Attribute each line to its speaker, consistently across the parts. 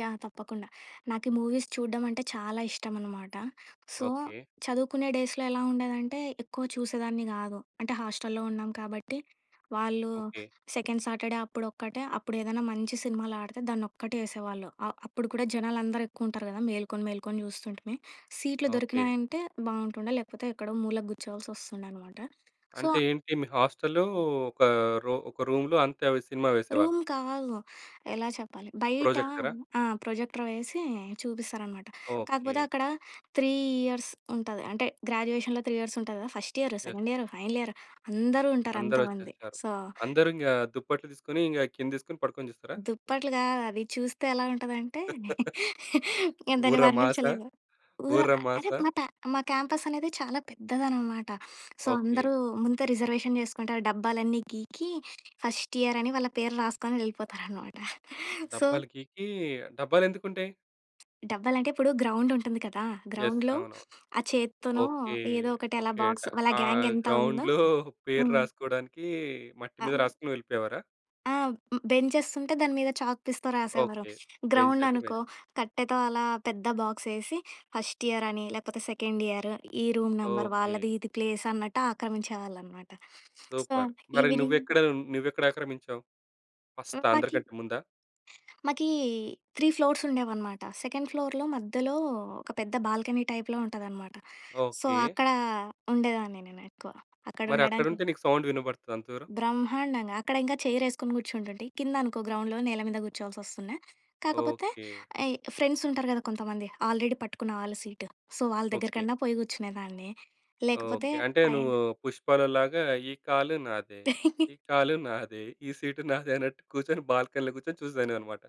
Speaker 1: Yeah! తప్పకుండ. నాకీ movies చూడ్డం అంటే, చాలా ఇష్టం అనమాట. So,
Speaker 2: okay.
Speaker 1: చదువుకునే డేస్‌‌లో ఎలా ఉండేదంటే, ఎక్కువ చూసేదాన్ని గాదు. అంటే హాస్టల్‌లో ఉన్నాం కాబట్టి, వాళ్ళు
Speaker 2: ఓకే.
Speaker 1: సెకండ్ సాటర్‌డే అప్పుడొక్కటే, అప్పుడేదన్నా మంచి సినిమాలాడితే, దాన్నొక్కటేసేవాళ్ళు. ఆహ్, అప్పుడు కూడా జనాలందరూ ఎక్కువుంటారు గదా, మేల్కొని మేల్కొని జూస్తుంటిమి. సీట్‌లు
Speaker 2: ఓకే.
Speaker 1: దొరికినాయంటే బావుంటుండే, లేకపోతే, ఎక్కడో మూలకి గుర్చోవాల్సొస్తుండే అనమాట. సో,
Speaker 2: అంటే
Speaker 1: ఆ
Speaker 2: ఏంటి, మీ హాస్టలో ఒక రో ఒక రూమ్‌లో, అంతే అవి సినిమా వేసేవాళ్ళు.
Speaker 1: రూమ్ కాదు. ఎలా చెప్పాలి! బైట
Speaker 2: ప్రొజెక్టరా?
Speaker 1: ఆ! ప్రొజెక్టర్ వేసీ చూపిస్తారనమాట. కాకపోతే
Speaker 2: ఓకే.
Speaker 1: అక్కడ 3 ఇయర్స్ ఉంటది. అంటే గ్రాడ్యుయేషన్‌లో 3 ఇయర్సుంట‌ది గద, first year,
Speaker 2: yes.
Speaker 1: Second year, final year, అందరూ ఉంటారు అంతమంది.
Speaker 2: అందరొచ్చేసారు.
Speaker 1: సో
Speaker 2: అందరింగా దుప్పట్లు దీసుకొని, ఇంగ కిందేసుకొని, పడుకొని జూస్తరా?
Speaker 1: దుప్పట్లు కాదది, చూస్తే ఎలా ఉంటదంటే, నేను దాన్ని
Speaker 2: ఊరమాసా?
Speaker 1: వర్ణించలేను. ఊర అంటే
Speaker 2: ఊరమాసా?
Speaker 1: మా తా మా క్యాంపసనేది చాలా పెద్దదన్నమాట. So,
Speaker 2: okay.
Speaker 1: అందరూ ముందే రిజర్వేషన్ జేసుకుంటారు. డబ్బాలన్నీ గీకి ఫస్ట్ ఇయరని వాళ్ళ పేరు రాస్కొని యెల్లిపోతారనమాట. సో
Speaker 2: డబ్బాలు గీకీ డబ్బాలెందుకుంటాయి?
Speaker 1: డబ్బాలంటే ఇప్పుడు గ్రౌండుంటుంది కదా!
Speaker 2: యెస్.
Speaker 1: గ్రౌండ్‌లో
Speaker 2: అవునవును.
Speaker 1: ఆ చేత్తోనో,
Speaker 2: ఓకే.
Speaker 1: ఏదో ఒకటలా
Speaker 2: ఓకే డ
Speaker 1: బాక్స్, వాళ్ళ
Speaker 2: ఆహ్,
Speaker 1: గ్యాంగెంత ఉందో
Speaker 2: గ్రౌండ్‌లో పేరు
Speaker 1: హ్మ్.
Speaker 2: రాసుకోడానికీ, మట్టి
Speaker 1: ఆ!
Speaker 2: మీద రాసుకొని వెళ్ళిపోయేవారా?
Speaker 1: ఆ! హ్మ్. బెంచెస్ ఉంటే, దాని మీద చాక్‌పీస్‌తో రాసేవారు.
Speaker 2: ఓకే. బెంచైతే బెంచ్.
Speaker 1: గ్రౌండనుకో, కట్టెతో అలా పెద్ద బాక్సేసి, ఫస్ట్ ఇయరని, లేకపోతే సెకండ్ ఇయరు, ఈ రూమ్ నెంబర్
Speaker 2: ఓకే.
Speaker 1: వాళ్ళది ఇది ప్లేసన్నట్టాక్రమించేవాళ్ళనమాట. So,
Speaker 2: super. మరి
Speaker 1: ఈవినింగ్
Speaker 2: నువ్వెక్కడ హ్మ్, నువ్వెక్కడాక్రమించావు?
Speaker 1: హ్మ్.
Speaker 2: ఫస్ట్
Speaker 1: మాకీ...
Speaker 2: అందరికంటే ముందా?
Speaker 1: మాకీ 3 ఫ్లోర్సుండేవనమాట. సెకండ్ ఫ్లోర్‌లో మధ్యలో, ఒక పెద్ద బాల్కనీ టైప్‌‌లో ఉంటుందన్నమాట. So,
Speaker 2: okay.
Speaker 1: అక్కడా ఉండేదాన్ని నేనెక్కువ. అక్కడుండడానికి
Speaker 2: మరక్కడుంటే, నీకు సౌండ్ వినబడతదా అంత దూరం?
Speaker 1: బ్రహ్మాండంగా. అక్కడింకా చైరేసుకుని కూర్చుంటుంటే, కిందనుకో గ్రౌండ్‌లో నేల మీద గూర్చోవాల్సొస్తుండే, కాకపోతే
Speaker 2: ఓకే.
Speaker 1: అయి ఫ్రెండ్సుంటారు గదా కొంతమంది, ఆల్రెడీ పట్టుకున్న వాళ్ళు సీటు, సో, వాళ్ళ దెగ్గర
Speaker 2: ఓకే.
Speaker 1: కన్నా పోయి కూర్చునేదాన్ని. లేకపోతే
Speaker 2: ఓకే. అంటే
Speaker 1: పైన
Speaker 2: నువ్వు పుష్పాలో లాగా, ఈ కాలు నాదే, ఈ కాలు నాదే, ఈ సీటు నాదే అన్నట్టు కూర్చొని, బాల్కనీలో కూర్చొని చూసేదానివనమాట.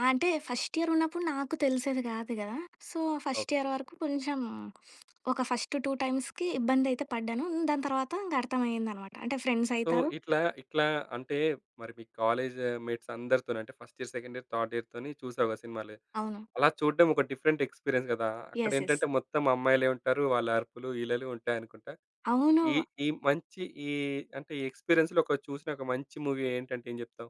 Speaker 1: ఆ! అంటే, ఫస్ట్ ఇయరున్నప్పుడు నాకు తెలిసేది గాదు గదా! So, first
Speaker 2: okay.
Speaker 1: ఇయర్ వరకు కొంచెం ఒక ఫస్ట్ టూ టైమ్స్‌కి ఇబ్బందయితే పడ్డాను, హ్మ్, దాని తర్వాత ఇంకర్థమయ్యిందనమాట. అంటే
Speaker 2: సో,
Speaker 1: ఫ్రెండ్సయితారు
Speaker 2: ఇట్లా, ఇట్లా అంటే, మరి మీ కాలేజా మేట్సందరితోనూ అంటే, first year, second year, third ఇయర్‌తోని చూసావా సినిమాలే.
Speaker 1: అవును.
Speaker 2: అలా చూడ్డం ఒక డిఫరెంట్ ఎక్స్‌పీరియన్స్ గదా!
Speaker 1: యెస్. యెస్.
Speaker 2: అక్కడెంటంటే మొత్తం అమ్మాయిలే ఉంటారు, వాళ్ళ అరుపులు, ఈలలు ఉంటాయనుకుంటా.
Speaker 1: అవును.
Speaker 2: ఈ,
Speaker 1: వా
Speaker 2: ఈ మంచి ఈ అంటే, ఈ ఎక్స్‌పీరియన్స్‌లో ఒక, చూసినొక మంచి మూవీ ఏంటంటే ఏం చెప్తావు?